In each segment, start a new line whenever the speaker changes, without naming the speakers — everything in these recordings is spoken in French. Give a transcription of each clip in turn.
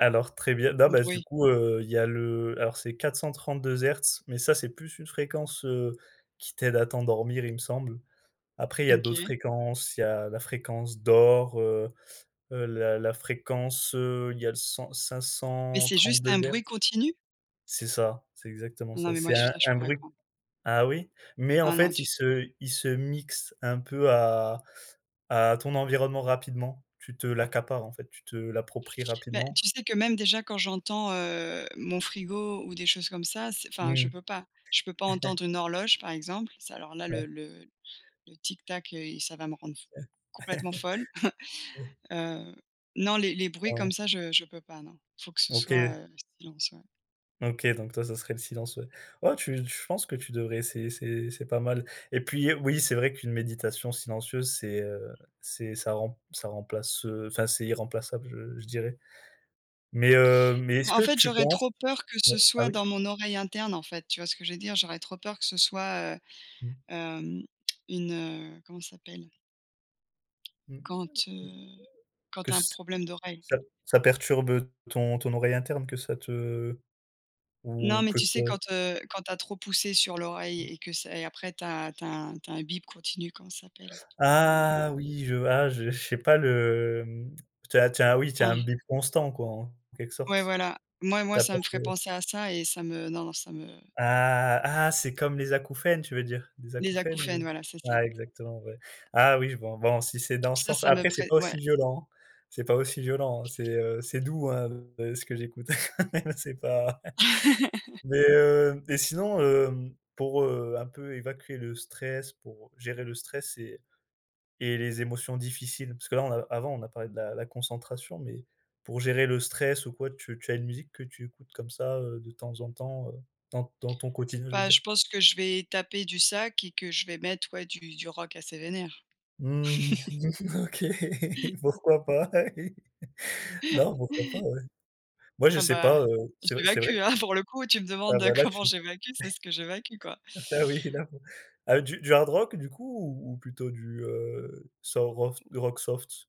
Alors, très bien, non, bah, du
Bruit.
coup, heu, il y a le alors, c'est 432 hertz, mais ça c'est plus une fréquence, heu, qui t'aide à t'endormir, il me semble. Après il y a d'autres
OK.
fréquences. Il y a la fréquence d'or, heu heu, la la fréquence, heu, il y a le cent cinq
Mais
cent
c'est juste
trente-deux
un bruit
hertz
continu?
C'est ça, c'est exactement
Non,
ça.
mais moi,
C'est un
ça, je
un
pourrais
bruit
pas.
ah oui? Mais en
Ah non,
fait, il
du t
se il se mixe un peu à à ton environnement rapidement. Tu te l'accapares, en fait, tu te l'appropries
Ben,
rapidement.
tu sais que même, déjà, quand j'entends, heu, mon frigo ou des choses comme ça, c'est enfin je
Mmh.
peux pas. Je peux pas entendre une horloge, par exemple, ça, alors là, le
Ouais.
le le tic tac et i ça va me rendre f complètement folle,
Ouais.
heu, non, les les bruits
Ah.
comme ça, je je peux pas, non. Il faut que ce soit,
OK.
heu, silence, ouais.
OK, donc toi, ça serait le silence, ouais. Oh, tu tu je penses que tu devrais essayer c'est c'est pas mal et puis, oui, c'est vrai qu'une méditation silencieuse c'est, heu, c'est ça remp ça remplace, heu, enfin, c'est irremplaçable, je je dirais mais heu, mais est-ce
Bah, en
que
fait,
tu
j'aurais
penses
trop peur que ce
oh, ah
soit
oui?
dans mon oreille interne, en fait, tu vois ce que je veux dire? J'aurais trop peur que ce soit, heu
Mmh.
hem, une, heu, comment ça s'appelle?
Mmh.
Quand, heu, quand
Que
tu as un
ç
problème d'oreille?
ça ça perturbe, heu, ton ton oreille interne, que ça te
Non,
ou
mais
que
tu
ça
sais quand, heu, quand tu as trop poussé sur l'oreille et que c'est et après tu as tu as tu as un bip continu, comment ça s'appelle? Hem
Ah oui! Je ah, je j'ai pas le, mmh, tu as tu as oui, tu as un
Ah.
bip constant, quoi, en en quelque sorte.
Ouais, voilà, moi
Tu
moi
as
ça
peur
me
que
ferait penser à ça et ça me non, non, ça me
Ah, ah c'est comme les acouphènes, tu veux dire? Des
Les
acouphènes
acouphènes,
ou
voilà, c'est ça!
ah, exactement, ouais. Ah oui, je vois, bon, si c'est
Donc
dans ce
ça,
sens,
ça me
après c'est
ferait
pas
ouais.
aussi violent. C'est pas aussi violent, heu, c'est, heu, c'est doux, hein, heu, ce que j'écoute quand même c'est pas mais heu et sinon, hem, pour, heu, un peu évacuer le stress, pour gérer le stress et et les émotions difficiles? Parce que, là, on a avant on a parlé de la la concentration mais pour gérer le stress ou quoi, tu tu as une musique que tu écoutes comme ça, heu, de temps en temps, heu, dans dans ton quotidien, je veux
Bah, je
dire?
pense que je vais taper du sac et que je vais mettre, ouais, du du rock assez vénère.
Mmh, OK, pourquoi pas? Non, pourquoi pas, ouais. Moi, je
Ah,
sais
bah,
pas, heu, c'est v c'est
j'évacue,
vrai
hein, pour le coup, tu me
Ah,
demandes
bah, là,
comment
tu
j'évacue, c'est ce que j'évacue, quoi.
ça oui, là, pour du du hard rock, du coup, ou ou plutôt du, heu, du sorof du rock soft?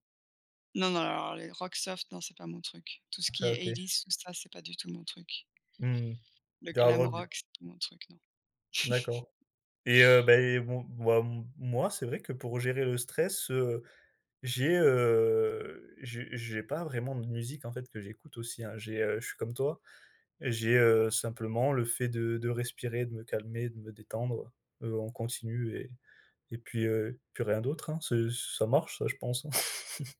Non, non, alors les rock soft, non, c'est pas mon truc. Tout ce qui
Ça
est
OK.
eighties, tout ça, c'est pas du tout mon truc.
Mmh mh.
Le
Du hard
glam
rock, du
rock, c'est pas mon truc, non.
D'accord et heu, beh, bon, bah, m moi, c'est vrai que pour gérer le stress, heu, j'ai, heu, j'ai j'ai pas vraiment de musique, en fait, que j'écoute aussi, hein. J'ai, heu, je suis comme toi, j'ai, heu, simplement le fait de de respirer, de me calmer, de me détendre, heu heu, on continue et et puis, heu, puis rien d'autre, hein. Ce ça marche, ça je pense, hein.